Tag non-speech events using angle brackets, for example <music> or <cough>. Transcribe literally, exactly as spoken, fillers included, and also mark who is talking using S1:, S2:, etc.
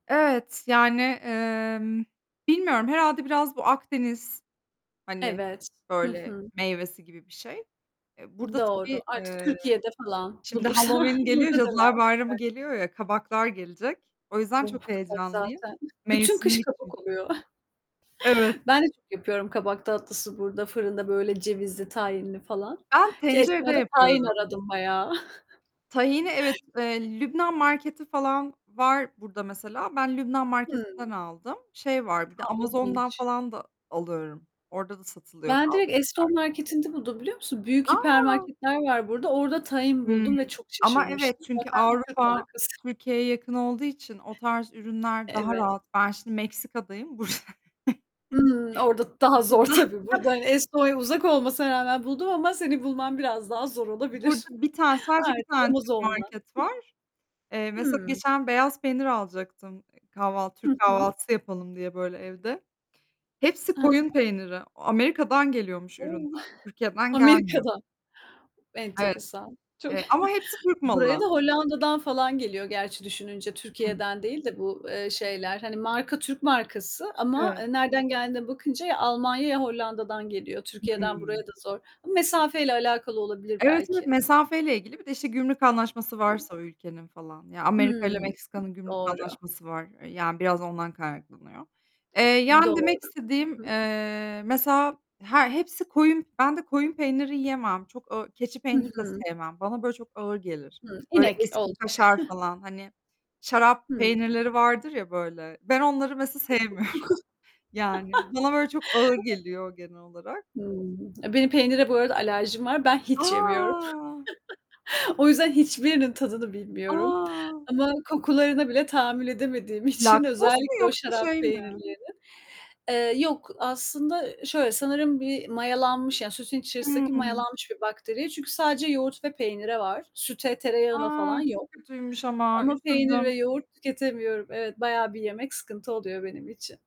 S1: Evet, yani, emm, bilmiyorum. Herhâlde biraz bu Akdeniz, hani,
S2: Evet, hı
S1: böyle,
S2: hı.
S1: meyvesi gibi bir şey. Eee, burada
S2: Doğru.
S1: tabii,
S2: Artık
S1: eee,
S2: Türkiye'de falan
S1: şimdi
S2: bulursan
S1: Halloween geliyor,
S2: burada döner
S1: Cadılar Bayramı
S2: <unintelligible>
S1: geliyor ya, kabaklar gelecek. O yüzden çok
S2: Of! Kabak
S1: heyecanlıyım.
S2: zaten Bütün kış
S1: Mevsimlik
S2: kabak
S1: çünkü.
S2: oluyor.
S1: Evet.
S2: <chuckles> Ben de çok yapıyorum kabak tatlısı burada, fırında böyle cevizli, tahinli falan.
S1: Ben tencerede
S2: Keystone' da tahin
S1: yapıyorum.
S2: aradım bayağı.
S1: Tahini evet.
S2: <chuckles>
S1: Eee, Lübnan marketi falan var burada mesela. Ben Lübnan
S2: Hıı.
S1: marketinden aldım. Şey var, bir de
S2: A,
S1: Amazon'dan
S2: ilginç!
S1: falan da alıyorum. Orada da satılıyor
S2: Ben
S1: bazı
S2: direkt
S1: şeyler.
S2: Eston marketinde buldum biliyor musun? Büyük hiper
S1: A!
S2: marketler var burada. Orada tahin
S1: Hımm,
S2: buldum ve çok
S1: ama evet
S2: şaşırmıştım.
S1: çünkü
S2: Zaten Türk
S1: Avrupa
S2: markası.
S1: Türkiye'ye yakın olduğu için o tarz ürünler daha
S2: Evet.
S1: rahat. Ben şimdi Meksika'dayım burs <chuckles>
S2: Hımm. Orada daha zor
S1: Burada.
S2: tabii. Burada,
S1: <unintelligible>
S2: hani, Estonya uzak olmasına rağmen buldum ama senin bulman biraz daha zor
S1: Burada
S2: olabilir.
S1: bir tane sadece bir
S2: Artık
S1: tane Türk
S2: Amazon'dan.
S1: market
S2: <chuckles>
S1: var. Eee, mesela
S2: Hıı.
S1: geçen beyaz peynir alacaktım, e, kahvaltı
S2: Hı
S1: Türk
S2: hı.
S1: kahvaltısı yapalım diye böyle evde. Hepsi
S2: A
S1: koyun
S2: ha.
S1: peyniri. O Amerika'dan geliyormuş ürünler.
S2: O! <chuckles>
S1: Türkiye'den gelmiyor.
S2: Amerika'dan.
S1: Evet,
S2: Enteresan. Çok,
S1: eee, ama hepsi Türk
S2: buraya
S1: malı.
S2: da Hollanda'dan falan geliyor gerçi düşününce,
S1: Hı.
S2: Türkiye'den değil de bu, eee, şeyler. Hani, marka Türk markası ama,
S1: Evet.
S2: eee, nereden geldiğine bakınca, ya Almanya ya Hollanda'dan geliyor. Türkiye'den buraya
S1: Hımm.
S2: da zor ama mesafeyle alakalı olabilir
S1: Evet, evet.
S2: belki.
S1: Mesafeyle ilgili, bir de işte gümrük anlaşması varsa o ülkenin falan. Ya, Amerika'yla
S2: Hımm,
S1: Meksika'nın gümrük
S2: doğru.
S1: anlaşması var. E, yani, biraz ondan kaynaklanıyor. Eee, yani, demek
S2: Doğru.
S1: istediğim,
S2: Hı hı.
S1: eee, mesela her hepsi koyun, ben de koyun peyniri yiyemem. Çok ağ keçi
S2: Hı
S1: peyniri de
S2: hı.
S1: sevmem. Bana böyle çok ağır gelir.
S2: Hı,
S1: Böyle
S2: inek
S1: eski
S2: olacak.
S1: kaşar
S2: <chuckles>
S1: falan. Hani, şarap
S2: Hıı.
S1: peynirleri vardır ya, böyle, ben onları mesela sevmiyorum.
S2: <unintelligible>
S1: Yani,
S2: <laughs>
S1: bana böyle çok ağır
S2: <unintelligible>
S1: geliyor genel olarak.
S2: Hımm. Benim peynire bu arada alerjim var. Ben hiç yemiyorum.
S1: A!
S2: <chuckles> O yüzden hiçbirinin tadını bilmiyorum
S1: A!
S2: ama kokularına bile tahammül edemediğim için,
S1: Laktoz mu
S2: özellikle o
S1: yoksa
S2: şarap
S1: şey mi?
S2: peynirlerinin, eee, yok, aslında şöyle; sanırım bir mayalanmış, yani, sütün içerisindeki
S1: Hımm.
S2: mayalanmış bir bakteriye çünkü sadece yoğurt ve peynire var. Süte, tereyağına
S1: A!
S2: falan yok
S1: Çok kötüymüş ama
S2: ama peynir ve
S1: üzüldüm.
S2: yoğurt tüketemiyorum. Evet, bayağı bir yemek sıkıntı oluyor benim için.